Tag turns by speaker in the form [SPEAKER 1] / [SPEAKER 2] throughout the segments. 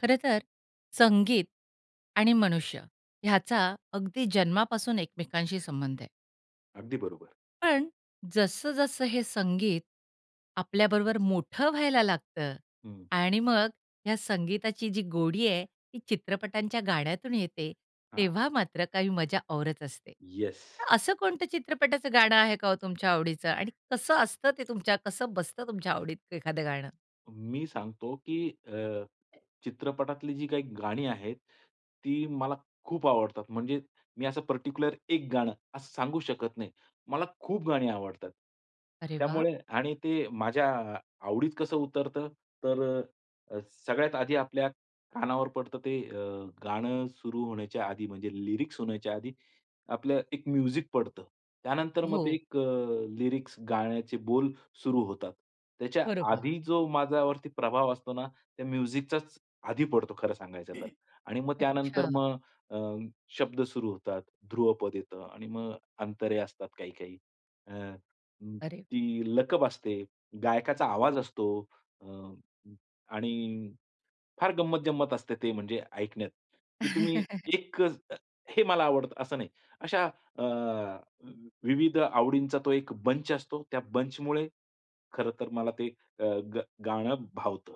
[SPEAKER 1] खरं तर संगीत आणि मनुष्य ह्याचा अगदी जन्मापासून एकमेकांशी संबंध आहे.
[SPEAKER 2] अगदी बरोबर.
[SPEAKER 1] पण जसं-जसं हे संगीत आपल्याबरोबर मोठं व्हायला लागतं
[SPEAKER 2] हं.
[SPEAKER 1] आणि मग ह्या संगीताची जी गोडी आहे ती चित्रपटांच्या गाण्यातून येते,
[SPEAKER 2] हां.
[SPEAKER 1] तेव्हा मात्र काही मजा औरच असते.
[SPEAKER 2] येस.
[SPEAKER 1] तर असं कोणतं चित्रपटाचं गाणं आहे का हो तुमच्या आवडीचं? आणि कसं असतं ते तुमच्या कसं बसत तुमच्या आवडीत एखादं गाणं?
[SPEAKER 2] मी सांगतो, की अ, चित्रपटातली जी काही गाणी आहेत, ती मला खूप आवडतात. म्हणजे मी असं पर्टिक्युलर एक गाणं, असं सांगू शकत नाही. मला खूप गाणी आवडतात.
[SPEAKER 1] अरे वाह!
[SPEAKER 2] त्यामुळे आणि ते माझ्या अ, आवडीत कसं उतरतं? तर अ, सगळ्यात आधी आपल्या कानावर पडतं ते अ, गाणं सुरू होण्याच्या आधी म्हणजे लिरिक्स होण्याच्या आधी, आपलं एक म्युझिक पडतं. त्यानंतर मग ते
[SPEAKER 1] हो.
[SPEAKER 2] एक अ, लिरिक्स गाण्याचे बोल सुरू होतात. त्याच्या
[SPEAKER 1] बरोबर.
[SPEAKER 2] आधी जो माझ्यावरती प्रभाव असतो ना, त्या म्युझिकचाच आधी पडतो खरं सांगायचं तर आणि मग त्यानंतर
[SPEAKER 1] अच्छा.
[SPEAKER 2] मग अ, शब्द सुरू होतात, ध्रुवपद येतं आणि मग अंतरे असतात काही-काही. अ, उम्म,
[SPEAKER 1] अरे!
[SPEAKER 2] ती लकप असते, गायकाचा आवाज असतो अ, उम्म, आणि फार गंमत-जंमत असते ते म्हणजे ऐकण्यात, की तुम्ही एकच अ, हे मला आवडतं असं नाही. अशा अ, वि विविध आवडींचा तो एक बंच असतो. त्या बंचमुळे खरं तर मला ते अ, गा गाणं भावतं.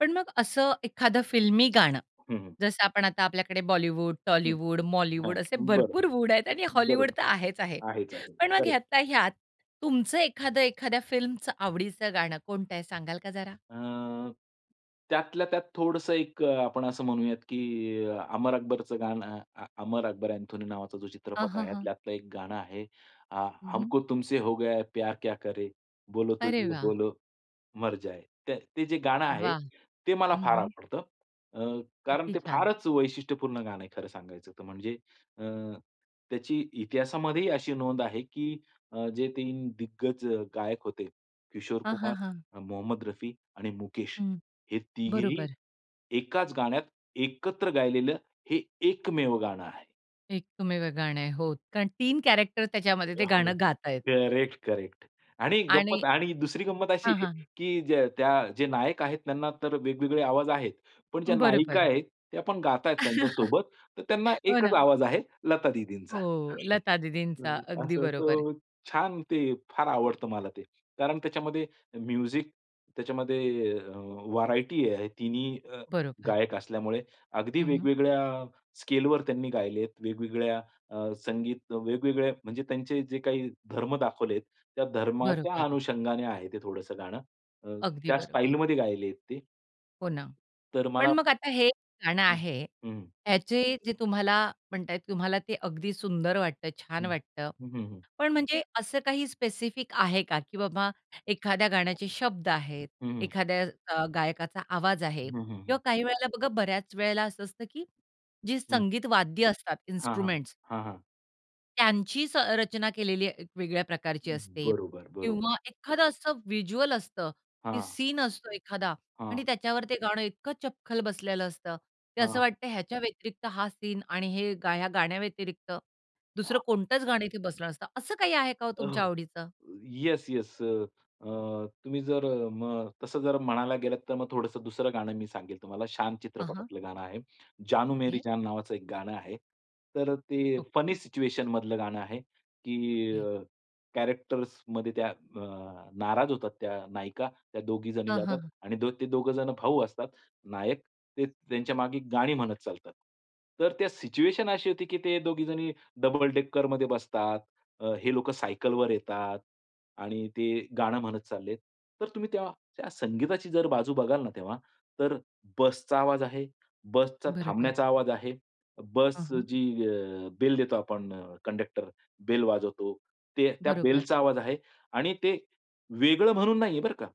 [SPEAKER 1] पण मग असं एखाद फिल्मी गाणं,
[SPEAKER 2] हं, हं.
[SPEAKER 1] जसं आपण आता आपल्याकडे बॉलिवूड,
[SPEAKER 2] हं,
[SPEAKER 1] टॉलीवूड,
[SPEAKER 2] हां,
[SPEAKER 1] मॉलिवूड असे
[SPEAKER 2] बर,
[SPEAKER 1] भरपूर वूड आहेत आणि हॉलिवूड
[SPEAKER 2] बरोबर.
[SPEAKER 1] तर आहेच आहे.
[SPEAKER 2] आहेच आहे,
[SPEAKER 1] पण मग
[SPEAKER 2] करेक्ट.
[SPEAKER 1] ह्यातला-ह्यात तुमचं एखाद, एखाद्या फिल्मच आवडीचं गाणं कोणतं आहे सांगाल का जरा?
[SPEAKER 2] अ, त्यातल्या-त्यात थोडंसं एक अ, आपण असं म्हणूयात की अमर अकबरचं गाणं अ, "अमर अकबर अँथोनी" नावाचा जो
[SPEAKER 1] हां,
[SPEAKER 2] चित्रपट
[SPEAKER 1] हां,
[SPEAKER 2] आहे
[SPEAKER 1] हां.
[SPEAKER 2] त्यातलं एक गाणं आहे, अ,
[SPEAKER 1] हं, हं.
[SPEAKER 2] "हमको तुमसे हो गया है प्यार क्या करे, बोलो तो
[SPEAKER 1] अरे
[SPEAKER 2] जिये
[SPEAKER 1] वाह!
[SPEAKER 2] बोलो मर जाये" त्या ते जे गाणं आहे,
[SPEAKER 1] वाह!
[SPEAKER 2] ते मला
[SPEAKER 1] हं,
[SPEAKER 2] फार
[SPEAKER 1] हं.
[SPEAKER 2] आवडतं. अ, कारण
[SPEAKER 1] किती
[SPEAKER 2] ते
[SPEAKER 1] छान.
[SPEAKER 2] फारच वैशिष्ट्यपूर्ण गाणं आहे खरं सांगायचं त म्हणजे अ, त्याची इतिहासामध्ये ही अशी नोंद आहे की अ, जे 3 दिग्गज गायक होते किशोर
[SPEAKER 1] हां,
[SPEAKER 2] कुमार,
[SPEAKER 1] हां, हां.
[SPEAKER 2] मोहम्मद रफी आणि मुकेश,
[SPEAKER 1] हं.
[SPEAKER 2] हे तिघेही
[SPEAKER 1] बरोबर.
[SPEAKER 2] एकाच गाण्यात, एकत्र गायलेलं, हे एकमेव गाणं आहे.
[SPEAKER 1] एकमेव गाणं आहे. हो, कारण 3 कॅरेक्टर त्याच्यामध्ये ते गाणं
[SPEAKER 2] [unintelligible]
[SPEAKER 1] गात आहेत.
[SPEAKER 2] करेक्ट, करेक्ट आणि
[SPEAKER 1] आणि
[SPEAKER 2] गंमत आणि दुसरी गंमत अशी
[SPEAKER 1] हां,
[SPEAKER 2] आहे
[SPEAKER 1] हां.
[SPEAKER 2] की ज्या त्या जे नायक आहेत त्यांना तर वेगवेगळे आवाज आहेत. पण ज्या नायिका
[SPEAKER 1] बरोबर.
[SPEAKER 2] आहेत, त्या पण गात आहेत त्यांच्यासोबत. तर त्यांना
[SPEAKER 1] हो ना.
[SPEAKER 2] एकच आवाज आहे, लता दीदींचा.
[SPEAKER 1] हो,
[SPEAKER 2] [unintelligible]
[SPEAKER 1] लता दीदींचा. अगदी
[SPEAKER 2] असं
[SPEAKER 1] बरोबर.
[SPEAKER 2] तो छान ते फार आवडतं मला ते. कारण त्याच्यामध्ये म्युझिक त्याच्यामध्ये अ, व्हरायटी आहे. तिन्ही अ,
[SPEAKER 1] बरोबर.
[SPEAKER 2] गायक असल्यामुळे. अगदी
[SPEAKER 1] हं, हं.
[SPEAKER 2] वेगवेगळ्या स्केलवर त्यांनी गायले आहेत. वेगवेगळ्या अ, संगीत वेगवेगळ्या म्हणजे त्यांचे जे काही धर्म दाखवले आहेत, त्या धर्माच्या
[SPEAKER 1] बरोबर.
[SPEAKER 2] अनुषंगाने आहे ते थोडंसं गाणं. अ,
[SPEAKER 1] अगदी
[SPEAKER 2] त्या
[SPEAKER 1] बरोबर.
[SPEAKER 2] स्टाईलमध्ये गायले आहेत ते.
[SPEAKER 1] हो ना.
[SPEAKER 2] तर
[SPEAKER 1] पण
[SPEAKER 2] मला
[SPEAKER 1] मग आता हे गाणं
[SPEAKER 2] हं.
[SPEAKER 1] आहे,
[SPEAKER 2] हं.
[SPEAKER 1] याचे जे तुम्हाला म्हणत आहेत तुम्हाला ते अगदी सुंदर वाटत छान
[SPEAKER 2] हं.
[SPEAKER 1] वाटतं.
[SPEAKER 2] हं, हं, हं.
[SPEAKER 1] पण म्हणजे असं काही स्पेसिफिक आहे का, की बाबा एखाद्या गाण्याचे शब्द आहेत,
[SPEAKER 2] हं, हं.
[SPEAKER 1] एखाद्या अ, गायकाचा आवाज आहे
[SPEAKER 2] हं, हं,
[SPEAKER 1] किंवा
[SPEAKER 2] हं.
[SPEAKER 1] काही वेळेला बघा, बऱ्याच वेळेला असं असतं की जी
[SPEAKER 2] हं.
[SPEAKER 1] संगीत वाद्य असतात
[SPEAKER 2] हां, हां.
[SPEAKER 1] इन्स्ट्रुमेंट्स
[SPEAKER 2] हां, हां.
[SPEAKER 1] त्यांचीच अ, रचना केलेली एक वेगळ्या प्रकारची असते.
[SPEAKER 2] बरोबर, बरोबर.
[SPEAKER 1] किंवा एखादं असं व्हिज्युअल असतं, की
[SPEAKER 2] हां.
[SPEAKER 1] सीन असतो एखादा आणि
[SPEAKER 2] हां.
[SPEAKER 1] त्याच्यावर ते गाणं इतकं चपखल बसलेलं असतं. ते असं
[SPEAKER 2] हां.
[SPEAKER 1] वाटतं ह्याच्या व्यतिरिक्त हा सीन आणि हे गाया गाण्या व्यतिरिक्त, दुसरं कोणतच गाणं इथे बसलं नसतं. असं काही आहे का हो तुमच्या
[SPEAKER 2] ओह!
[SPEAKER 1] आवडीचं?
[SPEAKER 2] Yes yes. अ, तुम्ही जर अ, मग तसं जर म्हणायला गेलात तर मग थोडंसं दुसरं गाणं मी सांगेल तुम्हाला. "शान"
[SPEAKER 1] अहां.
[SPEAKER 2] चित्रपटातलं गाणं आहे. "जानू मेरी
[SPEAKER 1] ओके.
[SPEAKER 2] जान" नावाचं एक गाणं आहे. तर ते
[SPEAKER 1] ओके.
[SPEAKER 2] फनी सिच्युएशनमधलं गाणं आहे, की
[SPEAKER 1] ओके.
[SPEAKER 2] अ, कॅरेक्टर्समध्ये त्या अ, नाराज होतात त्या नायिका, त्या दोघीजणी
[SPEAKER 1] हां, हां,
[SPEAKER 2] जातात
[SPEAKER 1] हां.
[SPEAKER 2] आणि द ते दोघेजण भाऊ असतात नायक, ते त्यांच्या मागे गाणी म्हणत चालतात. तर त्या सिच्युएशन अशी होती, की ते दोघीजणी डबल डेकरमध्ये बसतात. हे लोकं सायकलवर येतात आणि ते गाणं म्हणत चाललेत. तर तुम्ही तेव्हा त्या संगीताची बाजू बघाल ना तेव्हा, तर बसचा आवाज आहे. बसचा
[SPEAKER 1] बरोबर.
[SPEAKER 2] थांबण्याचा आवाज आहे.
[SPEAKER 1] हं,
[SPEAKER 2] बस
[SPEAKER 1] हं.
[SPEAKER 2] जी अ, बेल देतो आपण कंडक्टर बेल वाजवतो ते त्या
[SPEAKER 1] बरोबर.
[SPEAKER 2] बेलचा आवाज आहे आणि ते वेगळं म्हणून नाहीये बरं का.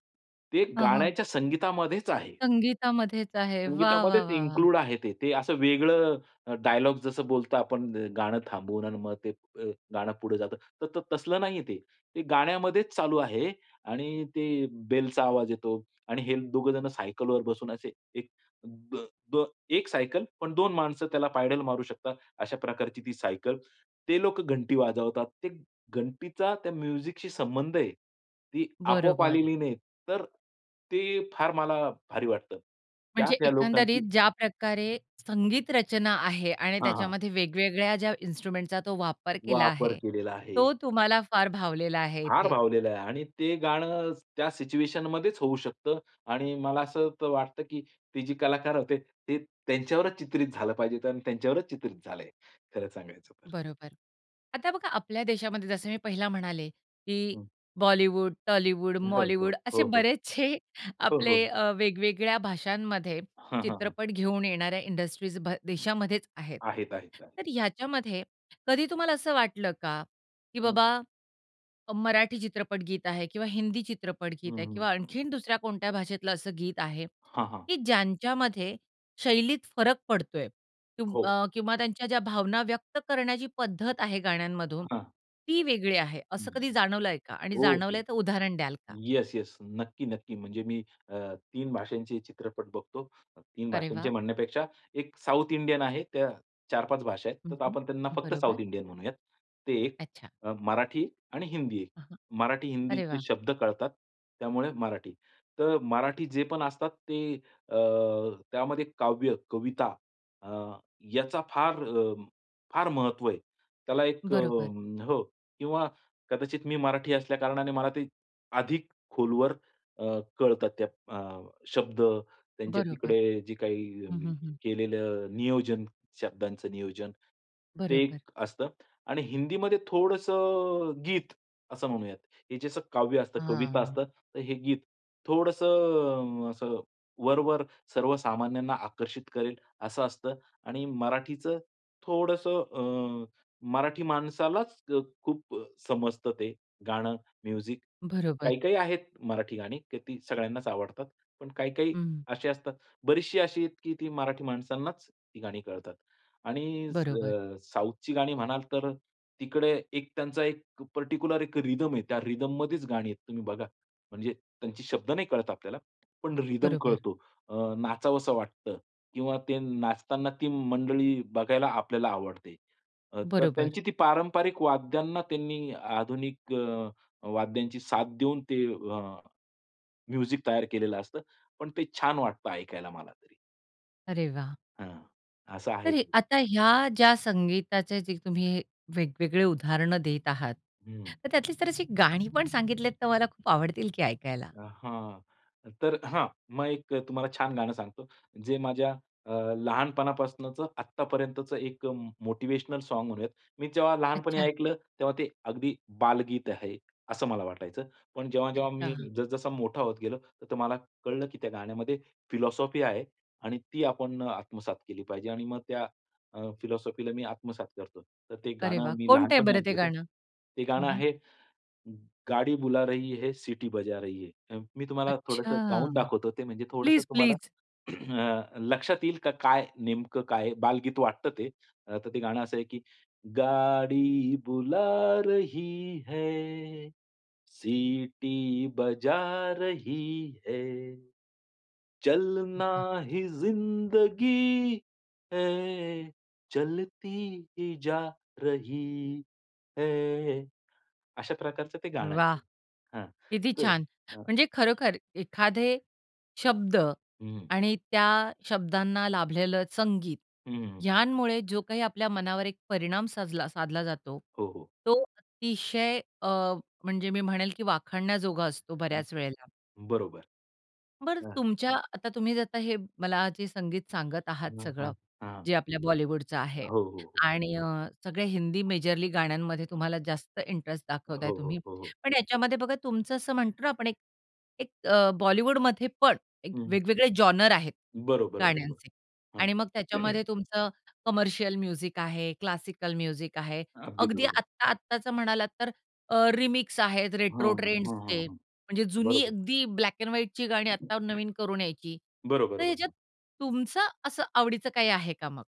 [SPEAKER 2] ते
[SPEAKER 1] हं, हं.
[SPEAKER 2] गाण्याच्या संगीतामध्येच आहे.
[SPEAKER 1] संगीतामध्येच आहे, वाह! वाह!
[SPEAKER 2] संगीतामध्येच
[SPEAKER 1] वाह! वाह!
[SPEAKER 2] इन्क्लूड आहे ते. ते असं वेगळं डायलॉग जसं बोलता आपण गाणं थांबवून आणि मग ते अ, गाणं पुढे जातं. तर तसलं नाहीये ते. ते गाण्यामध्येच चालू आहे आणि ते बेलचा आवाज येतो आणि हे दोघेजण सायकलवर बसून असे एक द, एक सायकल पण दोन माणसं त्याला पायडल मारू शकतात अशा प्रकारची ती सायकल. ते लोक घंटी वाजवतात. ते घंटीचा त्या म्युझिकशी संबंध आहे. ती आपोआप
[SPEAKER 1] बरोबर.
[SPEAKER 2] आलेली नाही. तर ते फार मला भारी वाटतं. त्यात
[SPEAKER 1] म्हणजे
[SPEAKER 2] त्या लोकांची
[SPEAKER 1] एकंदरीत ज्या प्रकारे संगीत रचना आहे आणि
[SPEAKER 2] हां, हां.
[SPEAKER 1] त्याच्यामध्ये वेगवेगळ्या ज्या इन्स्ट्रुमेंट्सचा तो वापर केला
[SPEAKER 2] वापर
[SPEAKER 1] आहे.
[SPEAKER 2] केलेला आहे.
[SPEAKER 1] तो तुम्हाला फार भावलेला आहे
[SPEAKER 2] फार
[SPEAKER 1] इथे.
[SPEAKER 2] भावलेलं आहे आणि ते गाणं त्या सिच्युएशनमध्येच होऊ शकतं आणि मला असं तर वाटतं, की ते जे कलाकार होते ते त्यांच्यावरच चित्रित झालं पाहिजे आणि त्यांच्यावरच चित्रित झालंय, खरं सांगायचं तर.
[SPEAKER 1] बरोबर. आता बघा आपल्या देशामध्ये जसं मी पहिला म्हणाले, की
[SPEAKER 2] हं.
[SPEAKER 1] बॉलिवूड, टॉलीवुड,
[SPEAKER 2] हो, हो.
[SPEAKER 1] मॉलीवुड
[SPEAKER 2] हो,
[SPEAKER 1] असे
[SPEAKER 2] हो.
[SPEAKER 1] बरेचशे
[SPEAKER 2] हो,
[SPEAKER 1] आपले
[SPEAKER 2] हो.
[SPEAKER 1] अ, वेगवेगळ्या भाषांमध्ये
[SPEAKER 2] हां, हां, हां.
[SPEAKER 1] चित्रपट घेऊन येणाऱ्या इंडस्ट्रीज भा देशामध्येच आहेत.
[SPEAKER 2] आहेत, आहेत, आहेत.
[SPEAKER 1] तर ह्याच्यामध्ये कधी तुम्हाला असं वाटलं का? की
[SPEAKER 2] हं.
[SPEAKER 1] बाबा, अ, मराठी चित्रपट गीत आहे किंवा हिंदी चित्रपट
[SPEAKER 2] हं,
[SPEAKER 1] गीत आहे
[SPEAKER 2] हं.
[SPEAKER 1] किंवा आणखीन दुसऱ्या कोणत्या भाषेतलं असं गीत आहे,
[SPEAKER 2] हां, हां.
[SPEAKER 1] की ज्यांच्यामध्ये शैलीत फरक पडतोय. तुम
[SPEAKER 2] हो.
[SPEAKER 1] अ, किंवा त्यांच्या ज्या भावना व्यक्त करण्याची पद्धत आहे गाण्यांमधून,
[SPEAKER 2] हां.
[SPEAKER 1] ती वेगळी आहे. असं
[SPEAKER 2] हं.
[SPEAKER 1] कधी जाणवलंय का? आणि
[SPEAKER 2] ओके.
[SPEAKER 1] जाणवलंय तर उदाहरण द्याल का?
[SPEAKER 2] Yes yes. नक्की, नक्की म्हणजे मी अ, 3 भाषांचे चित्रपट बघतो. 3
[SPEAKER 1] अरे
[SPEAKER 2] भाषांचे
[SPEAKER 1] वाह!
[SPEAKER 2] म्हणण्यापेक्षा 1 साउथ इंडियन आहे त्या 4-5 भाषा आहेत.
[SPEAKER 1] हं,
[SPEAKER 2] तर
[SPEAKER 1] हं.
[SPEAKER 2] आपण त्यांना फक्त
[SPEAKER 1] बरोबर.
[SPEAKER 2] साउथ इंडियन म्हणूयात. ते एक
[SPEAKER 1] अच्छा.
[SPEAKER 2] मराठी आणि हिंदी एक.
[SPEAKER 1] हा, हा.
[SPEAKER 2] मराठी
[SPEAKER 1] अरे
[SPEAKER 2] हिंदीचे
[SPEAKER 1] वाह!
[SPEAKER 2] शब्द कळतात त्यामुळे मराठी. तर मराठी जे पण असतात ते अ, त्यामध्ये काव्य, कविता अ, याचा फार अ, फार महत्व आहे. त्याला एक अ,
[SPEAKER 1] बरोबर.
[SPEAKER 2] हो किंवा कदाचित मी मराठी असल्या कारणाने मला ते अधिक खोलवर अ, कळतात त्या अ, शब्द त्यांच्या
[SPEAKER 1] बरोबर.
[SPEAKER 2] तिकडे जे
[SPEAKER 1] हं,
[SPEAKER 2] काही
[SPEAKER 1] हं, हं.
[SPEAKER 2] केलेलं नियोजन, शब्दांच नियोजन. ते एक
[SPEAKER 1] बरोबर.
[SPEAKER 2] असतं आणि हिंदीमध्ये थोडंसं अ, गीत असं म्हणूयात. हे जसं काव्य असतं कविता
[SPEAKER 1] हां.
[SPEAKER 2] असतात तर हे गीत. थोडंसं अ, असं वरवर सर्व सामान्यांना आकर्षित करेल असं असतं. आणि मराठीचं थोडंसं अ, मराठी माणसालाच अ, खूप समजतं ते गाणं म्युझिक.
[SPEAKER 1] बरोबर.
[SPEAKER 2] काही, काही आहेत मराठी गाणी की ती सगळ्यांनाच आवडतात. पण काही, काही
[SPEAKER 1] हं.
[SPEAKER 2] अशी असतात बरीचशी अशी आहेत, की ती मराठी माणसांनाच ती गाणी कळतात. आणि
[SPEAKER 1] बरोबर.
[SPEAKER 2] अ, साउथची गाणी म्हणाल तर तिकडे एक त्यांचा एक पार्टिक्युलर एक रिदम आहे. त्या रिदममध्येच गाणी आहेत तुम्ही बघा. म्हणजे त्यांचे शब्द नाही कळत आपल्याला पण रिदम
[SPEAKER 1] बरोबर.
[SPEAKER 2] कळतो. अ, नाचावसं वाटतं किंवा ते नाचताना ती मंडळी बघायला आपल्याला आवडते. अ, तर
[SPEAKER 1] बरोबर.
[SPEAKER 2] त्यांची ती पारंपरिक वाद्यांना त्यांनी आधुनिक अ, वाद्यांची साथ देऊन ते अ, म्युझिक तयार केलेलं असतं. पण ते छान वाटतं ऐकायला मला तरी.
[SPEAKER 1] अरे वाह!
[SPEAKER 2] हं. असं आहे
[SPEAKER 1] तर हे
[SPEAKER 2] ते.
[SPEAKER 1] आता ह्या ज्या संगीताचे जे तुम्ही वेगवेगळे उदाहरणं देत आहात,
[SPEAKER 2] हं.
[SPEAKER 1] तर त्यातली जर अशी गाणी पण सांगितलेत तर मला खूप आवडतील ती ऐकायला.
[SPEAKER 2] हां. तर हां, मग एक अ, तुम्हाला छान गाणं सांगतो जे माझ्या अ, लहानपणापासूनच आत्तापर्यंतचं एक अ, मोटिव्हेशनल सॉंग म्हणूयात. मी जेव्हा लहानपणी
[SPEAKER 1] अच्छा.
[SPEAKER 2] ऐकलं, तेव्हा ते अगदी बालगीत आहे, असं मला वाटायचं. पण जेव्हा-जेव्हा मी
[SPEAKER 1] अच्छा.
[SPEAKER 2] जस-जसा मोठा होत गेलो, त तर मला कळलं की त्या गाण्यामध्ये फिलॉसॉफी आहे आणि ती आपण आत्मसात केली पाहिजे आणि मग त्या अ, फिलॉसॉफीला मी आत्मसात करतो. तर ते
[SPEAKER 1] अरे वाह!
[SPEAKER 2] गाणं मी
[SPEAKER 1] कोणतंय
[SPEAKER 2] लहानपणी
[SPEAKER 1] बरं ते
[SPEAKER 2] ऐकलं होतं.
[SPEAKER 1] गाणं?
[SPEAKER 2] ते
[SPEAKER 1] हं,
[SPEAKER 2] गाणं
[SPEAKER 1] हं.
[SPEAKER 2] आहे, गाडी बुला रही है, सिटी बजा रही है. मी तुम्हाला थोडंसं गाऊन
[SPEAKER 1] अच्छा!
[SPEAKER 2] दाखवतो ते, म्हणजे थोडंसं
[SPEAKER 1] प्लीज,
[SPEAKER 2] तुम्हाला
[SPEAKER 1] प्लीज!
[SPEAKER 2] अ, लक्षात येईल का काय नेमकं काय बालगीत वाटतं ते. अ, तर ते गाणं असं आहे की, गाडी बुला रही है, सिटी बजा रही है. चलना
[SPEAKER 1] [unintelligible]
[SPEAKER 2] ही जिंदगी है, चलती ही जा रही है. अशा प्रकारचं ते गाणं
[SPEAKER 1] वाह!
[SPEAKER 2] आहे. हां,
[SPEAKER 1] किती
[SPEAKER 2] तर
[SPEAKER 1] छान!
[SPEAKER 2] हां.
[SPEAKER 1] म्हणजे खरोखर एखादे शब्द
[SPEAKER 2] हं.
[SPEAKER 1] आणि त्या शब्दांना लाभलेलं संगीत,
[SPEAKER 2] हं, हं.
[SPEAKER 1] ह्यांमुळे जो काही आपल्या मनावर एक परिणाम साजला साधला जातो,
[SPEAKER 2] हो, हो.
[SPEAKER 1] तो अतिशय अ, म्हणजे मी म्हणेल की वाखाणण्याजोगा असतो
[SPEAKER 2] हं.
[SPEAKER 1] बऱ्याच वेळेला.
[SPEAKER 2] बरोबर.
[SPEAKER 1] बरं
[SPEAKER 2] हां.
[SPEAKER 1] तुमच्या आता तुम्ही जर आता हे मला जे संगीत सांगत आहात
[SPEAKER 2] हां, हां.
[SPEAKER 1] सगळं
[SPEAKER 2] हां.
[SPEAKER 1] जे आपल्या बॉलिवूडच आहे
[SPEAKER 2] हो, हो, हो.
[SPEAKER 1] आणि अ, सगळ्या हिंदी मेजरली गाण्यांमध्ये तुम्हाला जास्त इंटरेस्ट
[SPEAKER 2] हो,
[SPEAKER 1] दाखवताय तुम्ही,
[SPEAKER 2] हो. हो, हो.
[SPEAKER 1] पण याच्यामध्ये बघा तुमचं असं म्हणतो ना आपण एक, एक अ, बॉलिवूडमध्ये पण
[SPEAKER 2] हं.
[SPEAKER 1] वेगवेगळे जॉनर आहेत
[SPEAKER 2] बरोबर, बरोबर.
[SPEAKER 1] गाण्यांचे.
[SPEAKER 2] हां.
[SPEAKER 1] आणि मग त्याच्यामध्ये तुमचं कमर्शियल म्युझिक आहे, क्लासिकल म्युझिक आहे.
[SPEAKER 2] अगदी
[SPEAKER 1] अगदी
[SPEAKER 2] बरोबर.
[SPEAKER 1] आत्ता-आत्ताचं म्हणालात तर, अ, रिमिक्स आहेत
[SPEAKER 2] हां,
[SPEAKER 1] रेट्रो
[SPEAKER 2] हां, हां, हां,
[SPEAKER 1] ट्रेंड्सचे.
[SPEAKER 2] हां.
[SPEAKER 1] म्हणजे जुनी
[SPEAKER 2] बरोबर.
[SPEAKER 1] अगदी ब्लॅक अँड व्हाईटची गाणी आत्ता नवीन करून यायची.
[SPEAKER 2] बरोबर,
[SPEAKER 1] तर ह्याच्यात
[SPEAKER 2] बरोबर.
[SPEAKER 1] तुमचं असं आवडीचं काही आहे का मग?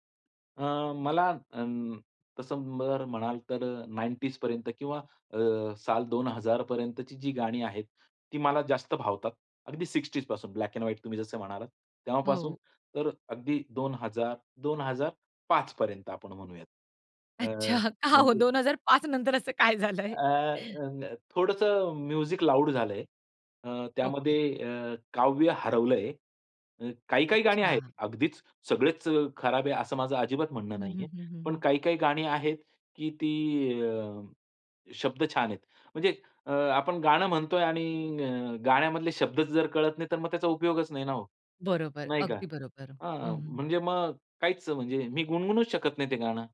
[SPEAKER 2] अ, मला अं, तसं बरं म्हणाल तर अ, 90ज पर्यंत किंवा अ, साल 2000 पर्यंतची जी गाणी आहेत ती, मला जास्त भावतात. अगदी 60ज ब्लॅक अँड व्हाईट तुम्ही जसं म्हणालात. तेव्हापासून
[SPEAKER 1] हो.
[SPEAKER 2] तर अगदी 2000, 2005 पर्यंत आपण म्हणूयात. अ,
[SPEAKER 1] अच्छा, का हो,
[SPEAKER 2] म्हणजे
[SPEAKER 1] 2005 नंतर असं काय झालं
[SPEAKER 2] अ,
[SPEAKER 1] आहे?
[SPEAKER 2] अ, अ, थोडंसं म्युझिक लाऊड झालं आहे. अ,
[SPEAKER 1] ओके.
[SPEAKER 2] त्यामध्ये अ, काव्य हरवलं आहे. अ, काही-काही गाणी आहेत.
[SPEAKER 1] अच्छा.
[SPEAKER 2] अगदीच सगळेच अ, खराब आहे असं माझं अजिबात म्हणणं
[SPEAKER 1] हं,
[SPEAKER 2] नाही आहे.
[SPEAKER 1] हं, हं, हं,
[SPEAKER 2] पण
[SPEAKER 1] हं.
[SPEAKER 2] काही-काही गाणी आहेत की ती अ, शब्द छान आहेत. म्हणजे अ, आपण गाणं म्हणतो आहे आणि अ, गाण्यामधले शब्द जर कळत नाही, तर मग त्याचा उपयोगच नाही ना हो.
[SPEAKER 1] बरोबर,
[SPEAKER 2] नाही का?
[SPEAKER 1] अगदी बरोबर. हं,
[SPEAKER 2] हां,
[SPEAKER 1] हं.
[SPEAKER 2] म्हणजे मग काहीच म्हणजे मी गुणगुणूच शकत नाही ते गाणं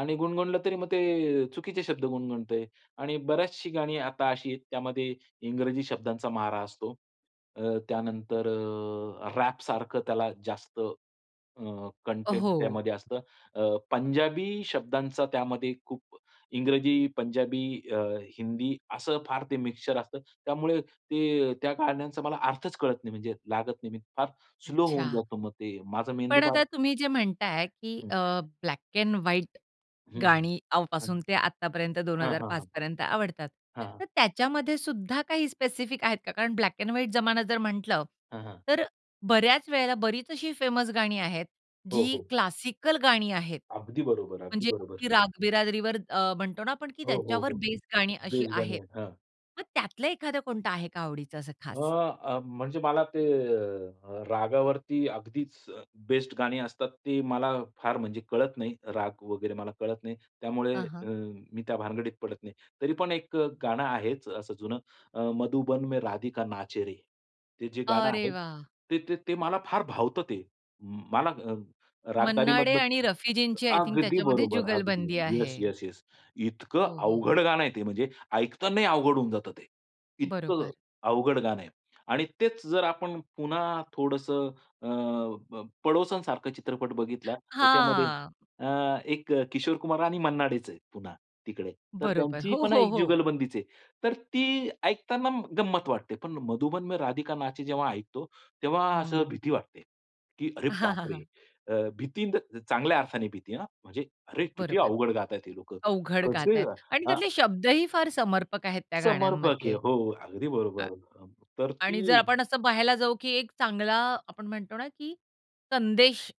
[SPEAKER 2] आणि गुणगुणलं तरी मग ते अ, चुकीचे शब्द गुणगुणतो आहे आणि बरीचशी गाणी आता अशी आहेत त्यामध्ये इंग्रजी शब्दांचा मारा असतो. अ, त्यानंतर अ, रॅपसारखं त्याला जास्त अ,
[SPEAKER 1] अ,
[SPEAKER 2] कंटेंट
[SPEAKER 1] हो.
[SPEAKER 2] त्यामध्ये असतं. अ, पंजाबी शब्दांचा त्यामध्ये खूप इंग्रजी, पंजाबी, अ, हिंदी असं फार ते मिक्सचर असतं. त्यामुळे ते त्या गाण्यांचा मला अर्थच कळत नाही म्हणजे लागत नाही. मी फार स्लो होऊन
[SPEAKER 1] अच्छा.
[SPEAKER 2] जातो मग ते माझा मेंदू
[SPEAKER 1] पण
[SPEAKER 2] फार.
[SPEAKER 1] आता तुम्ही जे म्हणता आहे की
[SPEAKER 2] हं.
[SPEAKER 1] अ, ब्लॅक अँड व्हाईट
[SPEAKER 2] हं,
[SPEAKER 1] गाणी
[SPEAKER 2] हं.
[SPEAKER 1] पासून ते आतापर्यंत दोन
[SPEAKER 2] हां,
[SPEAKER 1] हजार
[SPEAKER 2] हां,
[SPEAKER 1] पाच
[SPEAKER 2] हां.
[SPEAKER 1] पर्यंत आवडतात.
[SPEAKER 2] हां.
[SPEAKER 1] तर त्याच्यामध्ये सुद्धा काही स्पेसिफिक आहेत का? कारण ब्लॅक अँड व्हाईट जमाना जर म्हटल,
[SPEAKER 2] हं, हां.
[SPEAKER 1] तर बऱ्याच वेळेला बरीच अशी फेमस गाणी आहेत
[SPEAKER 2] हो,
[SPEAKER 1] जी
[SPEAKER 2] हो.
[SPEAKER 1] क्लासिकल गाणी आहेत.
[SPEAKER 2] अगदी बरोबर. अगदी
[SPEAKER 1] म्हणजे
[SPEAKER 2] बरोबर.
[SPEAKER 1] अगदी रागबिरादरीवर अ, म्हणतो ना आपण
[SPEAKER 2] हो, हो,
[SPEAKER 1] त्याच्यावर
[SPEAKER 2] हो.
[SPEAKER 1] बेस गाणी अशी
[SPEAKER 2] बेस्ट गाणी
[SPEAKER 1] आहेत.
[SPEAKER 2] आहेत. हां.
[SPEAKER 1] मग त्यातलं एखाद कोणतं आहे का आवडीचं असं
[SPEAKER 2] अ,
[SPEAKER 1] खास?
[SPEAKER 2] अ, म्हणजे मला ते अ, अ, रागावरती अगदीच अ, बेस्ट गाणी असतात ते मला फार म्हणजे कळत नाही. राग वगैरे मला कळत नाही. त्यामुळे
[SPEAKER 1] हं,
[SPEAKER 2] अ,
[SPEAKER 1] हां.
[SPEAKER 2] मी त्या भानगडीत पडत नाही. तरी पण एक अ, गाणं आहेच असं जुनं अ, "मधुबन में राधिका नाचे रे." ते जे गाणं
[SPEAKER 1] अरे
[SPEAKER 2] आहे
[SPEAKER 1] वाह!
[SPEAKER 2] ते ते ते मला फार भावतं ते. म मला अ,
[SPEAKER 1] मन्ना डे
[SPEAKER 2] रागदारीमधलं
[SPEAKER 1] आणि
[SPEAKER 2] अ
[SPEAKER 1] रफीजींची आय थिंक
[SPEAKER 2] अगदी
[SPEAKER 1] त्याच्यामध्ये
[SPEAKER 2] बरोबर, अगदी.
[SPEAKER 1] जुगलबंदी
[SPEAKER 2] येस,
[SPEAKER 1] आहे.
[SPEAKER 2] Yes, yes.
[SPEAKER 1] हो,
[SPEAKER 2] इतकं
[SPEAKER 1] हो, हो.
[SPEAKER 2] अवघड गाणं आहे ते. म्हणजे ऐकतानाही अवघड होऊन जातं ते. इतकं अ,
[SPEAKER 1] बरोबर.
[SPEAKER 2] अवघड गाणं आहे आणि तेच जर आपण पुन्हा थोडंसं अ, अ, पडोसन सारखा चित्रपट बघितला. त्याच्यामध्ये
[SPEAKER 1] हां.
[SPEAKER 2] अ, एक अ, किशोर कुमार आणि मन्ना डेच आहेत पुन्हा तिकडे, तर
[SPEAKER 1] बरोबर.
[SPEAKER 2] त्यांची
[SPEAKER 1] हो,
[SPEAKER 2] पण
[SPEAKER 1] हो,
[SPEAKER 2] एक
[SPEAKER 1] हो.
[SPEAKER 2] जुगलबंदीच आहे. तर ती ऐकताना गंमत वाटते. पण "मधुबन में राधिका नाचे" जेव्हा ऐकतो तेव्हा असं
[SPEAKER 1] हं.
[SPEAKER 2] भीती वाटते की, अरे बापरे! अ, भीती इन द चांगल्या अर्थाने भीती हं, म्हणजे अरे, किती
[SPEAKER 1] बरोबर.
[SPEAKER 2] अवघड गात आहेत हे लोकं
[SPEAKER 1] अवघड गात
[SPEAKER 2] कसे
[SPEAKER 1] आहेत आणि
[SPEAKER 2] अ,
[SPEAKER 1] त्यातले शब्दही फार समर्पक आहेत त्या
[SPEAKER 2] समर्पक आहे.
[SPEAKER 1] गाण्यांमधले.
[SPEAKER 2] हो, अगदी बरोबर. हं, तर ती
[SPEAKER 1] आणि जर आपण असं पाहायला जाऊ, की एक चांगला आपण म्हणतो ना की संदेश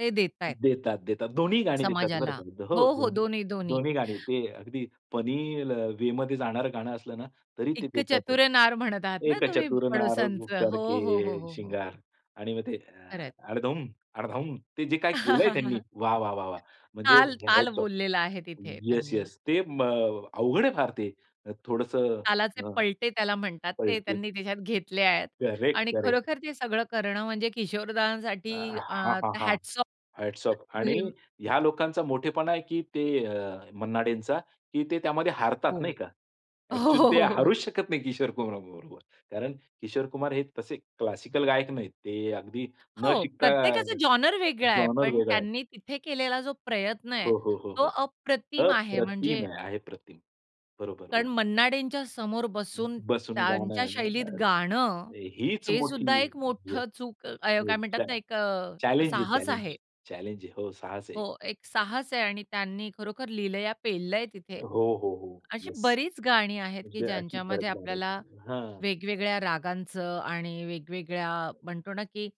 [SPEAKER 1] ते देत आहेत
[SPEAKER 2] देतात-देतात. दोन्ही गाणी देतात बरं
[SPEAKER 1] समाजाला.
[SPEAKER 2] का तिथं हो
[SPEAKER 1] हो, हो.
[SPEAKER 2] दोन्ही
[SPEAKER 1] दोन्ही-दोन्ही.
[SPEAKER 2] दोन्ही गाणी, ते अगदी फनी ल, वेमधे जाणारं गाणं असलं ना तरी ते
[SPEAKER 1] "एक
[SPEAKER 2] देतातच.
[SPEAKER 1] चतुर नार म्हणत आहात ना
[SPEAKER 2] "एक
[SPEAKER 1] तुम्ही,
[SPEAKER 2] चतुर नार
[SPEAKER 1] पडोसनचं." हो,
[SPEAKER 2] करके
[SPEAKER 1] हो, हो, हो, हो.
[SPEAKER 2] शृंगार" आणि मग ते
[SPEAKER 1] खरं
[SPEAKER 2] अ,
[SPEAKER 1] आहे.
[SPEAKER 2] अडधम-अडधम ते जे काही केलं आहे त्यांनी वाह, वाह, वाह, वाह! म्हणजे
[SPEAKER 1] ताल-ताल
[SPEAKER 2] हॅट्स ऑफ.
[SPEAKER 1] बोललेला आहे तिथे
[SPEAKER 2] येस,
[SPEAKER 1] त्यांनी.
[SPEAKER 2] येस ते म अवघड आहे फार ते. थोडंसं
[SPEAKER 1] तालाचे
[SPEAKER 2] अ,
[SPEAKER 1] पलटे त्याला म्हणतात. ते
[SPEAKER 2] कळते.
[SPEAKER 1] त्यांनी तिच्यात घेतले आहेत
[SPEAKER 2] करेक्ट,
[SPEAKER 1] आणि
[SPEAKER 2] करेक्ट.
[SPEAKER 1] खरोखर ते सगळं करणं म्हणजे किशोर
[SPEAKER 2] अ,
[SPEAKER 1] दादांसाठी अ,
[SPEAKER 2] हां, हां, हां.
[SPEAKER 1] Hats off
[SPEAKER 2] hats off.
[SPEAKER 1] To
[SPEAKER 2] आणि
[SPEAKER 1] हिम.
[SPEAKER 2] ह्या लोकांचा मोठेपणा आहे की ते अ, मन्नाडेंचा की ते त्यामध्ये हारतात नाही
[SPEAKER 1] हो.
[SPEAKER 2] का? ॲक्चुअली ते हारूच शकत नाही, किशोर कुमार बरोबर. कारण किशोर कुमार हे तसे क्लासिकल गायक नाहीत. ते अगदी न
[SPEAKER 1] हो,
[SPEAKER 2] शिकता अ,
[SPEAKER 1] प्रत्येकाचा जॉनर वेगळा आहे.
[SPEAKER 2] जॉनर
[SPEAKER 1] पण
[SPEAKER 2] वेगळा आहे.
[SPEAKER 1] त्यांनी तिथे केलेला जो प्रयत्न आहे
[SPEAKER 2] हो, हो, हो,
[SPEAKER 1] तो
[SPEAKER 2] हो.
[SPEAKER 1] अप्रतिम आहे
[SPEAKER 2] अप्रतिम
[SPEAKER 1] म्हणजे
[SPEAKER 2] आहे. आहे प्रतिम. बरोबर,
[SPEAKER 1] कारण
[SPEAKER 2] बरोबर.
[SPEAKER 1] मन्ना डेंच्या समोर
[SPEAKER 2] ब
[SPEAKER 1] बसून
[SPEAKER 2] बसून गाणं
[SPEAKER 1] त्यांच्या
[SPEAKER 2] आहे ना.
[SPEAKER 1] शैलीत गाणं
[SPEAKER 2] अरे, हीच
[SPEAKER 1] हे
[SPEAKER 2] मोठी
[SPEAKER 1] सुद्धा एक
[SPEAKER 2] येस,
[SPEAKER 1] मोठं चूक अ, काय
[SPEAKER 2] येस,
[SPEAKER 1] म्हणतात
[SPEAKER 2] चॅ
[SPEAKER 1] ना एक अ,
[SPEAKER 2] चॅलेंज आहे
[SPEAKER 1] साहस
[SPEAKER 2] चॅलेंज.
[SPEAKER 1] आहे.
[SPEAKER 2] चॅलेंज आहे. हो साहस आहे एक.
[SPEAKER 1] हो, एक साहस आहे आणि त्यांनी खरोखर लीलया पेललंय तिथे.
[SPEAKER 2] हो, हो, हो.
[SPEAKER 1] अशी
[SPEAKER 2] येस.
[SPEAKER 1] बरीच गाणी आहेत, की
[SPEAKER 2] म्हणजे अशी खरंच
[SPEAKER 1] ज्यांच्यामध्ये
[SPEAKER 2] गाणी आहेत,
[SPEAKER 1] आपल्याला
[SPEAKER 2] हां.
[SPEAKER 1] वेगवेगळ्या रागांचं आणि वेगवेगळ्या म्हणतो ना, की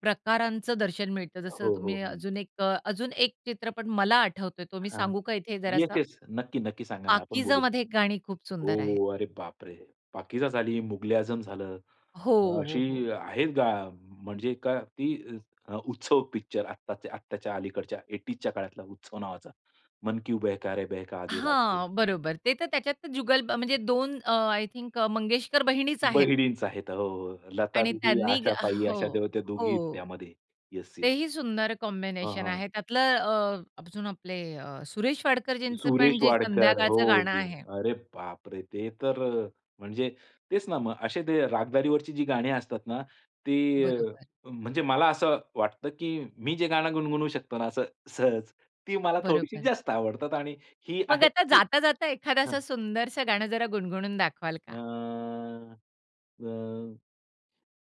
[SPEAKER 1] प्रकारांचं दर्शन मिळतं. जसं
[SPEAKER 2] हो, हो,
[SPEAKER 1] तुम्ही
[SPEAKER 2] हं.
[SPEAKER 1] अजून एक अ, अजून एक चित्रपट मला आठवतो तो मी
[SPEAKER 2] हां.
[SPEAKER 1] सांगू का इथे
[SPEAKER 2] येस,
[SPEAKER 1] जरासा?
[SPEAKER 2] येस. नक्की, नक्की सांगा ना आपण
[SPEAKER 1] "पाकीजा"
[SPEAKER 2] बोलू.
[SPEAKER 1] मध्ये गाणी खूप
[SPEAKER 2] हो,
[SPEAKER 1] सुंदर आहे.
[SPEAKER 2] हो. अरे बापरे! पाकिजा झाली, मुगले आझम झालं.
[SPEAKER 1] हो,
[SPEAKER 2] अ,
[SPEAKER 1] हो,
[SPEAKER 2] अशी
[SPEAKER 1] हो.
[SPEAKER 2] आहे गा म्हणजे का ती अ, उत्सव पिक्चर आताच्या आत्ताच्या अलीकडच्या 80ज च्या काळातला उत्सव नावाचा. "मन क्यू बेहका रे बेहका, आधी रात को."
[SPEAKER 1] हां. बरोबर. ते तर त्याच्यात तर जुगल ब म्हणजे दोन अ, आय थिंक अ, मंगेशकर बहिणीचं आहेत.
[SPEAKER 2] बहिणीचं आहेत हो, हो.
[SPEAKER 1] आणि
[SPEAKER 2] लतादीदी,
[SPEAKER 1] त्यांनी गा
[SPEAKER 2] आशाताई
[SPEAKER 1] हो,
[SPEAKER 2] अशा त्या दोघी आहेत
[SPEAKER 1] हो.
[SPEAKER 2] त्यामध्ये. येस,
[SPEAKER 1] ते
[SPEAKER 2] येस.
[SPEAKER 1] ही सुंदर
[SPEAKER 2] हां,
[SPEAKER 1] कॉम्बिनेशन
[SPEAKER 2] हां.
[SPEAKER 1] आहे. त्यातलं अ, अजून आपले अ, सुरेश वाडकरजींचं पण
[SPEAKER 2] सुरेश
[SPEAKER 1] जे
[SPEAKER 2] वाडकर, हो,
[SPEAKER 1] संध्याकाळचं
[SPEAKER 2] हो,
[SPEAKER 1] गाणं आहे.
[SPEAKER 2] हो. अरे बाप रे! ते तर अ, म्हणजे तेच ना मग असे ते रागदारीवरची जी गाणी असतात ना ते अ,
[SPEAKER 1] बरोबर.
[SPEAKER 2] म्हणजे मला असं वाटतं, की मी जे गाणं गुणगुणवू शकतो ना असं सहज ती मला थोडीशी
[SPEAKER 1] बरोबर.
[SPEAKER 2] जास्त आवडतात आणि ही
[SPEAKER 1] मग
[SPEAKER 2] आहे
[SPEAKER 1] आता
[SPEAKER 2] की,
[SPEAKER 1] जाता-जाता एखादं
[SPEAKER 2] हां.
[SPEAKER 1] असं सुंदरसं गाणं जरा गुणगुणून दाखवाल का?
[SPEAKER 2] आं, अ.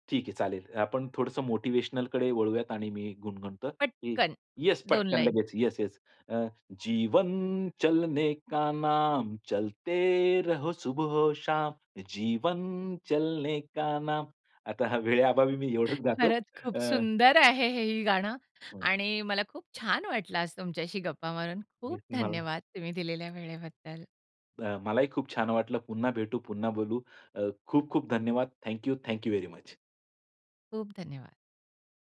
[SPEAKER 2] ठीक आहे चालेल. आपण थोडंसं मोटिव्हेशनलकडे वळूयात आणि मी गुणगणतो, की
[SPEAKER 1] पटकन
[SPEAKER 2] येस
[SPEAKER 1] 2
[SPEAKER 2] पटकन
[SPEAKER 1] लाईन.
[SPEAKER 2] लगेच. Yes, yes. अ, "जीवन चलने का नाम, चलते रहो सुबहो शाम. जीवन चलने का नाम." आता हा वेळेअभावी मी एवढचं गातो
[SPEAKER 1] खरंच खूप
[SPEAKER 2] अ,
[SPEAKER 1] सुंदर आहे, हे ही गाणं
[SPEAKER 2] हं.
[SPEAKER 1] आणि मला खूप छान वाटलं आज तुमच्याशी गप्पा मारून. खूप
[SPEAKER 2] मीचं मला.
[SPEAKER 1] धन्यवाद, तुम्ही दिलेल्या वेळेबद्दल.
[SPEAKER 2] अ, मलाही खूप छान वाटलं. पुन्हा भेटू पुन्हा बोलू. अ, खूप-खूप धन्यवाद. Thank you, thank you very much.
[SPEAKER 1] खूप धन्यवाद.